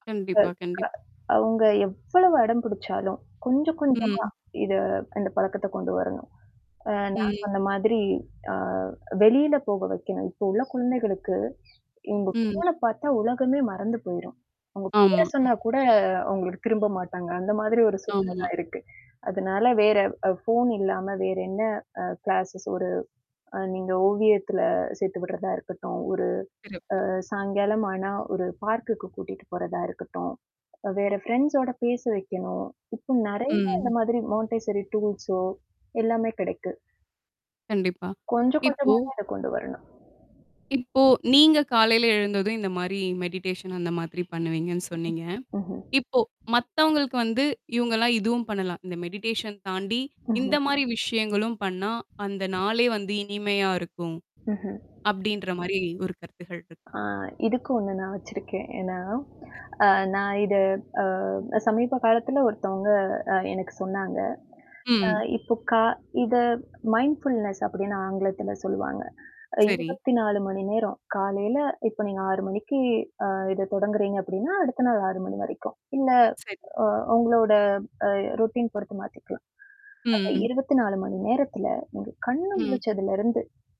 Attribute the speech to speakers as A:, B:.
A: கண்டிப்பா, கண்டிப்பா.
B: அ அ அவங்க எவ்வளவு அடம் பிடிச்சாலும், கொஞ்சம் கொஞ்சமா
A: ம்.
B: இத அந்த பழக்கத்த கொண்டு வரணும். அ நான்
A: ம்.
B: சொன்ன மாதிரி அ வெளியில போக வைக்கணும். இப்போ உள்ள குழந்தைகளுக்கு, இவங்க
A: ம்.
B: ஃபோன பாத்தா உலகமே மறந்து போயிரும். அவங்க பேர
A: ஆமா.
B: சொன்னா கூட அவங்களுக்கு திரும்ப மாட்டாங்க, அந்த மாரி ஒரு சூழ்நிலை
A: ஆமா.
B: தான் இருக்கு. அதனால வேற அ ஃபோன் இல்லாம வேற என்ன அ கிளாஸஸ் ஒரு அ நீங்க ஓவியத்துல சேர்த்து விடுறதா இருக்கட்டும். ஒரு
A: சிறப்பு!
B: அ சாயங்காலமான ஆனா ஒரு பார்க்குக்கு கூட்டிட்டு போறதா இருக்கட்டும், வேற ஃப்ரெண்ட்ஸோட பேச வைக்கணும், இப்ப நறைய இந்த
A: ம்.
B: மாதிரி மான்டைசரி டூல்ஸோ, எல்லாமே கிடைக்கு.
A: கண்டிப்பா,
B: கொஞ்சம்
A: இப்போ
B: கொஞ்சமா தான் அத கொண்டு வரணும்.
A: இப்போ நீங்க காலையில எழுந்ததும் இந்த மாரி மெடிடேஷன் அந்த மாதிரி பண்ணுவீங்கன்னு சொன்னீங்க.
B: ம்ஹ்ம்.
A: இப்போ மத்தவங்களுக்கு வந்து இவங்கலாம் இதுவும் பண்ணலாம், இந்த மெடிடேஷன் தாண்டி இந்த
B: ம்ஹ்ம்.
A: மாரி விஷயங்களும் பண்ணா, அந்த நாளே வந்து இனிமையா இருக்கும்.
B: ம்ஹ்ம்.
A: அப்டின்ற மாரி ஒரு கருத்துக்கள் இருக்கா?
B: ஆ இதுக்கு ஒண்ணு நான் வச்சிருக்கேன். ஏன்னா,
A: சரி.
B: அ நான் இத அ சமீப காலத்துில ஒருத்தவங்க அ எனக்கு சொன்னாங்க. அ
A: ம்.
B: இப்போ கா இத மைண்ட் ஃபுல்னஸ் அப்டின்னு ஆங்கிலத்தில சொல்வாங்க.
A: சரி.
B: 24 மணி நேரம். காலையில இப்ப நீங்க 6 மணிக்கு அ இத தொடங்குறீங்க அப்டின்னா, அடுத்த நாள் 6 மணி வரைக்கும். இல்ல
A: சரி.
B: அ உங்களோட அ ரோட்டீன் பொருத்து மாத்திக்கலாம். அந்த
A: ம்.
B: 24 மணி நேரத்தில உங்க கண்ணு
A: ம்.
B: முழிச்சதுலருந்து